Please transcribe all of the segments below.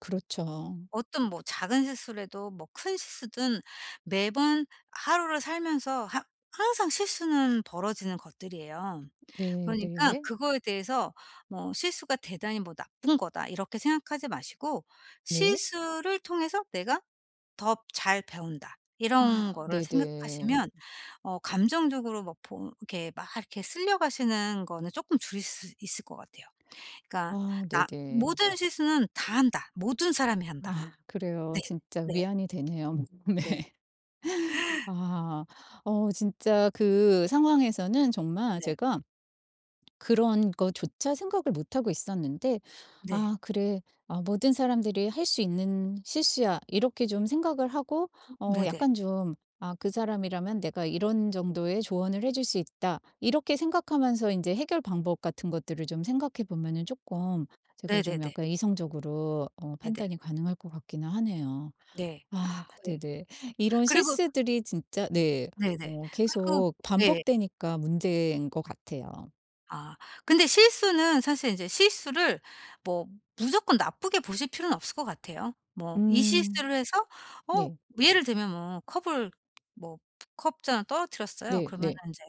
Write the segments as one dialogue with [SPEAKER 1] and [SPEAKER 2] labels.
[SPEAKER 1] 그렇죠.
[SPEAKER 2] 어떤 뭐 작은 실수라도 뭐 큰 실수든 매번 하루를 살면서 하 항상 실수는 벌어지는 것들이에요.
[SPEAKER 1] 네,
[SPEAKER 2] 그러니까
[SPEAKER 1] 네.
[SPEAKER 2] 그거에 대해서 뭐 '실수가 대단히 뭐 나쁜 거다.' 이렇게 생각하지 마시고
[SPEAKER 1] 네.
[SPEAKER 2] '실수를 통해서 내가 더 잘 배운다.' 이런
[SPEAKER 1] 아
[SPEAKER 2] 거를
[SPEAKER 1] 네네.
[SPEAKER 2] 생각하시면
[SPEAKER 1] 음.
[SPEAKER 2] 어 감정적으로 막 보 이렇게 막 이렇게 쓸려 가시는 거는 쪼끔 줄일 수 있을 것 같아요. 그러니까
[SPEAKER 1] 아
[SPEAKER 2] 나
[SPEAKER 1] 네네.
[SPEAKER 2] '모든 실수는 다 한다. 모든 사람이 한다.'
[SPEAKER 1] 아 그래요.
[SPEAKER 2] 네.
[SPEAKER 1] 진짜
[SPEAKER 2] 네.
[SPEAKER 1] 위안이 되네요. 네.
[SPEAKER 2] 네.
[SPEAKER 1] 아. 어 진짜 그 상황에서는 정말
[SPEAKER 2] 네.
[SPEAKER 1] 제가 그런 거조차 생각을 못 하고 있었는데
[SPEAKER 2] 네.
[SPEAKER 1] 아 그래. 아 모든 사람들이 할 수 있는 실수야.' 이렇게 좀 생각을 하고
[SPEAKER 2] 음.
[SPEAKER 1] 어
[SPEAKER 2] 네네.
[SPEAKER 1] 약간 좀 '아 그 사람이라면 내가 이런 정도의 조언을 해 줄 수 있다.' 이렇게 생각하면서 인제 해결 방법 같은 것들을 좀 생각해 보면은 쪼끔 제가 좀
[SPEAKER 2] 네네네.
[SPEAKER 1] 약간 이성적으로 어
[SPEAKER 2] 네네.
[SPEAKER 1] 판단이 가능할 것 같기는 하네요.
[SPEAKER 2] 네.
[SPEAKER 1] 아
[SPEAKER 2] [unintelligible] 에
[SPEAKER 1] 네네. 이런
[SPEAKER 2] 그리고
[SPEAKER 1] 실수들이 진짜 네
[SPEAKER 2] 네네.
[SPEAKER 1] 어
[SPEAKER 2] 그리고
[SPEAKER 1] 계속
[SPEAKER 2] 예.
[SPEAKER 1] 반복되니까 문제인 것 같아요.
[SPEAKER 2] 아. 근데 실수는 사실 이제 실수를 뭐 무조건 나쁘게 보실 필요는 없을 것 같아요. 뭐 이
[SPEAKER 1] 음.
[SPEAKER 2] 실수를 해서 어
[SPEAKER 1] 네.
[SPEAKER 2] 예를 들면 뭐 컵을 뭐 컵 잔을 떨어뜨렸어요.
[SPEAKER 1] 네.
[SPEAKER 2] 그러면은
[SPEAKER 1] 네.
[SPEAKER 2] 인제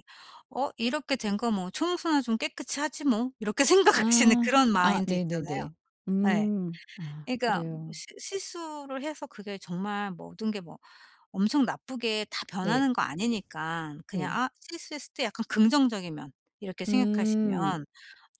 [SPEAKER 2] '어 이렇게 된 거 뭐 청소나 좀 깨끗이 하지 뭐.' 이렇게 생각할 수 있는
[SPEAKER 1] 아
[SPEAKER 2] 그런
[SPEAKER 1] 아
[SPEAKER 2] 마인드 있잖아요.
[SPEAKER 1] 네네네.
[SPEAKER 2] 예.
[SPEAKER 1] 음. 아
[SPEAKER 2] 그러니까
[SPEAKER 1] 그래요.
[SPEAKER 2] 실 실수를 해서 그게 정말 모든 게 뭐 엄청 나쁘게 다
[SPEAKER 1] 네.
[SPEAKER 2] 변하는 거 아니니깐 그냥
[SPEAKER 1] 네.
[SPEAKER 2] 아 실수했을 때 약간 긍정적인 면 이렇게
[SPEAKER 1] 음.
[SPEAKER 2] 생각하시면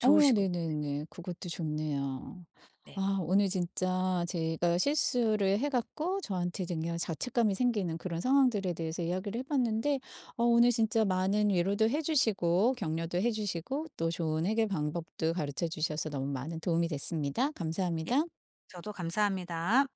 [SPEAKER 1] 어
[SPEAKER 2] 것 같아요.
[SPEAKER 1] 네네네. 그것도 좋네요.
[SPEAKER 2] 네.
[SPEAKER 1] 아 오늘 진짜 제가 실수를 해 갖고 저한테 이제 그냥 자책감이 생기는 그런 상황들에 대해서 이야기를 해 봤는데 어 오늘 진짜 많은 위로도 해 주시고 격려도 해 주시고 또 좋은 해결 방법도 가르쳐 주셔서 너무 많은 도움이 됐습니다.
[SPEAKER 2] 예.
[SPEAKER 1] 감사합니다.
[SPEAKER 2] 저도 감사합니다.